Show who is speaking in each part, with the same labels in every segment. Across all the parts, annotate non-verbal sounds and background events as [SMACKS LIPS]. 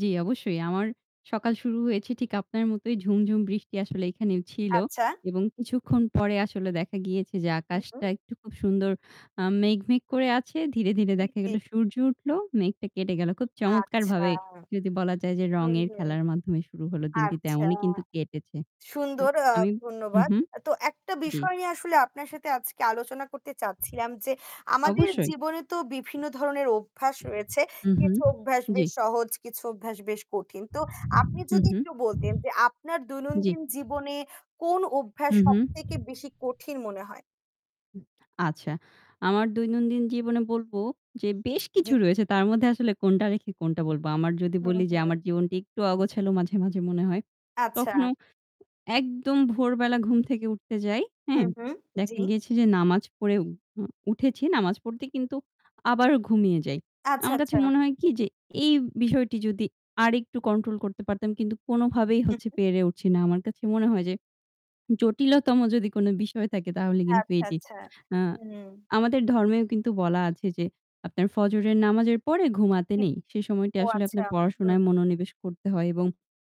Speaker 1: জী অবশ্যই আমার সকাল শুরু হয়েছে ঠিক আপনার মতোই ঝুম, ঝুম বৃষ্টি আসলে এখানে ছিল
Speaker 2: আচ্ছা।
Speaker 1: এবং কিছুক্ষণ পরে আসলে দেখা গিয়েছে যে
Speaker 2: উ হু।
Speaker 1: আকাশটা একটু খুব সুন্দর আ মেঘ, মেঘ করে আছে। ধীরে, ধীরে দেখা গেল
Speaker 2: [UNINTELLIGIBLE]
Speaker 1: সূর্য উঠল, মেঘটা কেটে গেল। খুব চমৎকার
Speaker 2: আচ্ছা।
Speaker 1: ভাবে যদি বলা যায় যে
Speaker 2: হুম,
Speaker 1: রঙের
Speaker 2: হুম,
Speaker 1: খেলার মাধ্যমে শুরু হল দিনটি
Speaker 2: আচ্ছা,
Speaker 1: তেমনই কিন্তু কেটেছে।
Speaker 2: সুন্দর আ
Speaker 1: আমি উ
Speaker 2: ধন্যবাদ।
Speaker 1: হুম।
Speaker 2: তো একটা
Speaker 1: জ্বী।
Speaker 2: বিষয় নিয়ে আসলে আপনার সাথে আজকে আলোচনা করতে চাচ্ছিলাম যে আমাদের
Speaker 1: অবশ্যই।
Speaker 2: জীবনে তো বিভিন্ন ধরনের অভ্যাস রয়েছে,
Speaker 1: উ হু,
Speaker 2: কিছু অভ্যাস
Speaker 1: জ্বী।
Speaker 2: বেশ সহজ, কিছু অভ্যাস বেশ কঠিন। তো আপনি
Speaker 1: হু,
Speaker 2: যদি
Speaker 1: হু।
Speaker 2: একটু বলতেন যে আপনার
Speaker 1: জ্বী।
Speaker 2: দৈনন্দিন জীবনে কোন অভ্যাস
Speaker 1: হুঁ, হুঁ।
Speaker 2: সবথেকে বেশি কঠিন মনে হয়?
Speaker 1: উ আচ্ছা। আমার দৈনন্দিন জীবনে বলব যে বেশ
Speaker 2: [SMACKS LIPS]
Speaker 1: কিছু
Speaker 2: জ্বী।
Speaker 1: রয়েছে তার মধ্যে আসলে কোনটা রেখে কোনটা বলবো। আমার যদি
Speaker 2: হু,
Speaker 1: বলি যে
Speaker 2: হু।
Speaker 1: আমার জীবনটা একটু অগোছালো মাঝে, মাঝে মনে হয়।
Speaker 2: আচ্ছা।
Speaker 1: কখনো একদম ভোরবেলা ঘুম থেকে উঠতে যাই।
Speaker 2: হু,
Speaker 1: হ্যাঁ,
Speaker 2: হু।
Speaker 1: দেখা
Speaker 2: জ্বী।
Speaker 1: গেছে যে নামাজ পড়ে উ উঠেছি। নামাজ পড়তে কিন্তু আবার ঘুমিয়ে যাই।
Speaker 2: আচ্ছা,
Speaker 1: আমার কাছে
Speaker 2: আচ্ছা।
Speaker 1: মনে হয় কি যে এই বিষয়টি যদি আরেকটু কন্ট্রোল করতে পারতাম। কিন্তু কোনভাবেই
Speaker 2: হু,
Speaker 1: হচ্ছে
Speaker 2: হু।
Speaker 1: পেরে উঠছি না। আমার কাছে মনে হয় যে জটিলতম যদি কোন বিষয় থাকে তাহলে কিন্তু
Speaker 2: আচ্ছা,
Speaker 1: এটি।
Speaker 2: আচ্ছা,
Speaker 1: আ
Speaker 2: হুম।
Speaker 1: আমাদের ধর্মেও কিন্তু বলা আছে যে আপনার ফজরের নামাজের পরে ঘুমাতে
Speaker 2: [UNINTELLIGIBLE]
Speaker 1: নেই। সে সময়টা
Speaker 2: ও
Speaker 1: আসলে
Speaker 2: আচ্ছা,
Speaker 1: আপনার
Speaker 2: হুম।
Speaker 1: পড়াশোনায় মনোনিবেশ করতে হয় এবং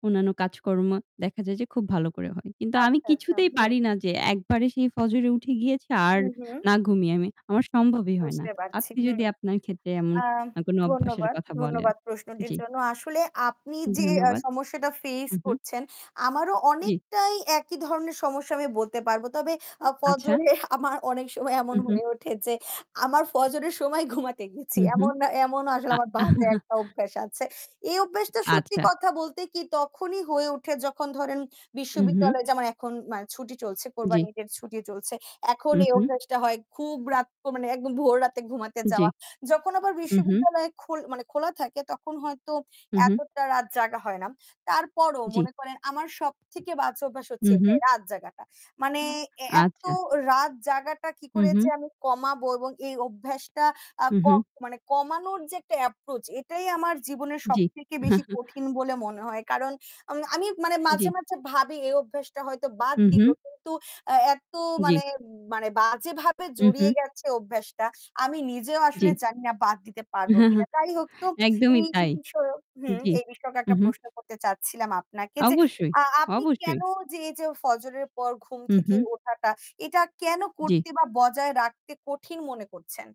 Speaker 1: অন্যান্য কাজকর্ম দেখা যায় যে খুব ভালো করে হয়। কিন্তু আমি
Speaker 2: আচ্ছা, আচ্ছা,
Speaker 1: কিছুতেই
Speaker 2: হুম।
Speaker 1: পারি না যে একবারে সেই ফজরে উঠে গিয়েছি আর
Speaker 2: হুম, হুম।
Speaker 1: না ঘুমিয়ে আমি। আমার সম্ভবই হয় না।
Speaker 2: বুঝতে পারছি
Speaker 1: আপনি
Speaker 2: হুম।
Speaker 1: যদি আপনার ক্ষেত্রে এমন
Speaker 2: আ
Speaker 1: অ কোন অভ্যাসের
Speaker 2: ধন্যবাদ,
Speaker 1: কথা বলেন,
Speaker 2: ধন্যবাদ প্রশ্নটির
Speaker 1: জি।
Speaker 2: জন্য। আসলে আপনি যে আ
Speaker 1: ধন্যবাদ।
Speaker 2: সমস্যাটা ফেস
Speaker 1: হু, হু,
Speaker 2: করছেন আমারও
Speaker 1: জ্বি।
Speaker 2: অনেকটাই একই ধরনের সমস্যা আমি বলতে পারব। তবে আ
Speaker 1: আচ্ছা।
Speaker 2: ফজরে আমার অনেক সময় এমন
Speaker 1: হু, হু।
Speaker 2: হয়ে ওঠে যে আমার ফজরের সময় ঘুমাতে গেছি।
Speaker 1: হু, হু।
Speaker 2: এমন এমন আসলে
Speaker 1: আ
Speaker 2: আমার বাজে
Speaker 1: [CHUCKLES]
Speaker 2: একটা অভ্যাস আছে এই অভ্যাসটা সত্যি
Speaker 1: আচ্ছা।
Speaker 2: কথা বলতে কি তখনই হয়ে ওঠে যখন ধরেন
Speaker 1: হু, হু।
Speaker 2: বিশ্ববিদ্যালয়ে যেমন এখন ম্যা ছুটি চলছে
Speaker 1: জ্বি।
Speaker 2: কোরবানিত ইদের ছুটি চলছে। এখন
Speaker 1: হু,
Speaker 2: এই
Speaker 1: হু।
Speaker 2: অভ্যাসটা হয় খুব রাত তো মানে একদম ভোর রাতে ঘুমাতে
Speaker 1: জ্বি।
Speaker 2: যাওয়া। যখন আবার
Speaker 1: হু, হু।
Speaker 2: বিশ্ববিদ্যালয় খোল মানে খোলা থাকে তখন হয়তো
Speaker 1: হু, হু।
Speaker 2: এতটা রাত জাগা হয় না, তারপরও
Speaker 1: জ্বী।
Speaker 2: মনে করেন আমার সবথেকে বাজে অভ্যাস হচ্ছে
Speaker 1: হু, হু।
Speaker 2: এটাই রাত জাগাটা। মানে
Speaker 1: আ
Speaker 2: এ্যা এত
Speaker 1: আচ্ছা।
Speaker 2: রাত জাগাটা কি
Speaker 1: হু,
Speaker 2: করে
Speaker 1: হু।
Speaker 2: যে আমি কমাবো এবং এই অভ্যাসটা আ
Speaker 1: হু,
Speaker 2: ক
Speaker 1: হু।
Speaker 2: মানে কমানোর যে একটা এপ্রোচ এটাই আমার জীবনের
Speaker 1: জ্বী।
Speaker 2: সবথেকে বেশি
Speaker 1: [CHUCKLES]
Speaker 2: কঠিন বলে মনে হয়। কারণ আম আমি মানে মাঝে,
Speaker 1: জ্বী।
Speaker 2: মাঝে ভাবি এই অভ্যাসটা হয়তো বাদ
Speaker 1: হু,
Speaker 2: দিবো।
Speaker 1: হু।
Speaker 2: কিন্তু আ এত
Speaker 1: জ্বি।
Speaker 2: মানে, মানে বাজেভাবে
Speaker 1: হু,
Speaker 2: জড়িয়ে
Speaker 1: হু।
Speaker 2: গেছে অভ্যাসটা। আমি নিজেও আসলে
Speaker 1: জ্বি।
Speaker 2: জানি না বাদ দিতে পারবো
Speaker 1: হ্যাঁ,
Speaker 2: কিনা।
Speaker 1: হ্যাঁ
Speaker 2: তাই হোক তো
Speaker 1: একদমই
Speaker 2: এই
Speaker 1: তাই।
Speaker 2: বিষয়ক হুম,
Speaker 1: জ্বি।
Speaker 2: এই বিষয়কে একটা
Speaker 1: উঁহু।
Speaker 2: প্রশ্ন করতে চাচ্ছিলাম আপনাকে যে,
Speaker 1: অবশ্যই,
Speaker 2: আ আপনি
Speaker 1: অবশ্যই।
Speaker 2: কেন যে, যে ফজরের পর ঘুম
Speaker 1: হু,
Speaker 2: থেকে
Speaker 1: হু।
Speaker 2: ওঠাটা এটা কেন
Speaker 1: জ্বী।
Speaker 2: করতে বা বজায় রাখতে কঠিন মনে করছেন?